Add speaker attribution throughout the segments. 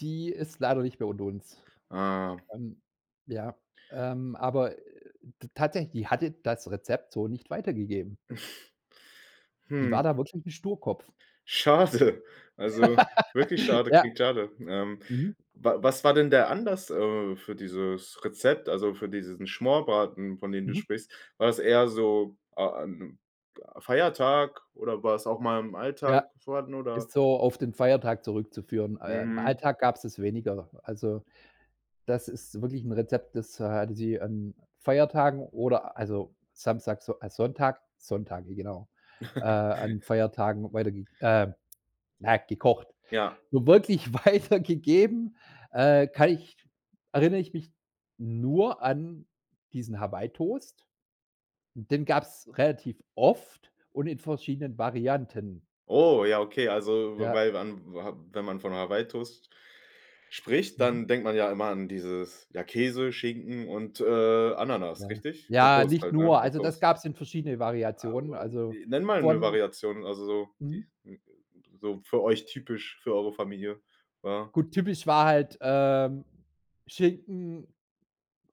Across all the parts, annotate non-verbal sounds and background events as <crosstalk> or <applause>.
Speaker 1: Die ist leider nicht mehr unter uns,
Speaker 2: Ah.
Speaker 1: ähm, ja, ähm, aber, äh, t t tatsächlich, die hatte das Rezept so nicht weitergegeben.
Speaker 2: <chuckles>
Speaker 1: Die war
Speaker 2: Hm.
Speaker 1: da wirklich 'n Sturkopf.
Speaker 2: Schade, also, wirklich
Speaker 1: <laughs>
Speaker 2: schade,
Speaker 1: Ja.
Speaker 2: klingt schade, ähm,
Speaker 1: Mhm.
Speaker 2: wa was war denn der Anlass, äh, für dieses Rezept, also für diesen Schmorbraten, von dem du
Speaker 1: Mhm.
Speaker 2: sprichst? War das eher so a an 'n Feiertag oder war es auch mal im
Speaker 1: Ja,
Speaker 2: Alltag vorhanden
Speaker 1: ist
Speaker 2: oder?
Speaker 1: so auf den Feiertag zurückzuführen. Äh, im
Speaker 2: Mhm.
Speaker 1: Alltag gab's das weniger. Also, das ist wirklich 'n Rezept, das, äh, hatte sie an Feiertagen oder also, Samstag, So äh, Sonntag Sonntage, genau. Äh,
Speaker 2: <chuckles>
Speaker 1: an Feiertagen weiterge äh, na, gekocht.
Speaker 2: Ja.
Speaker 1: Nur wirklich weitergegeben, äh, kann ich erinnere ich mich nur an diesen Hawaii-Toast, den gab's relativ oft und in verschiedenen Varianten.
Speaker 2: Oh, ja, okay, also w w
Speaker 1: Ja.
Speaker 2: weil wa wa wenn man von Hawaii Toast spricht,
Speaker 1: Mhm.
Speaker 2: dann denkt man ja immer an dieses ja, Käse, Schinken und, äh, Ananas,
Speaker 1: Ja,
Speaker 2: richtig? Und
Speaker 1: ja,
Speaker 2: Toast
Speaker 1: nicht
Speaker 2: halt, ne?
Speaker 1: nur.
Speaker 2: Das
Speaker 1: Also,
Speaker 2: Toast.
Speaker 1: das gab's in verschiedene
Speaker 2: A
Speaker 1: Variationen.
Speaker 2: wa
Speaker 1: Also,
Speaker 2: wi nenne mal 'ne
Speaker 1: von
Speaker 2: Variation, also so, die
Speaker 1: Mhm.
Speaker 2: n n so für euch typisch, für eure Familie, war.
Speaker 1: Gut, typisch war halt, ähm, Schinken,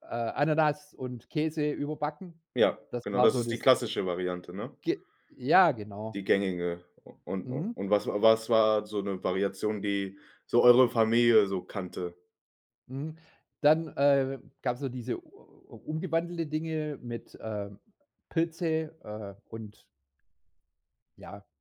Speaker 1: äh, Ananas und Käse überbacken.
Speaker 2: Ja,
Speaker 1: Das
Speaker 2: genau,
Speaker 1: war
Speaker 2: das
Speaker 1: so
Speaker 2: ist die
Speaker 1: das
Speaker 2: klassische Variante, ne?
Speaker 1: Ge ja, genau.
Speaker 2: Die gängige. U und
Speaker 1: Mhm.
Speaker 2: und was was war so 'ne Variation, die so eure Familie so kannte?
Speaker 1: Mhm. Dann, äh, gab's noch so diese u u umgewandelte Dinge mit, äh, Pilze, äh, und ja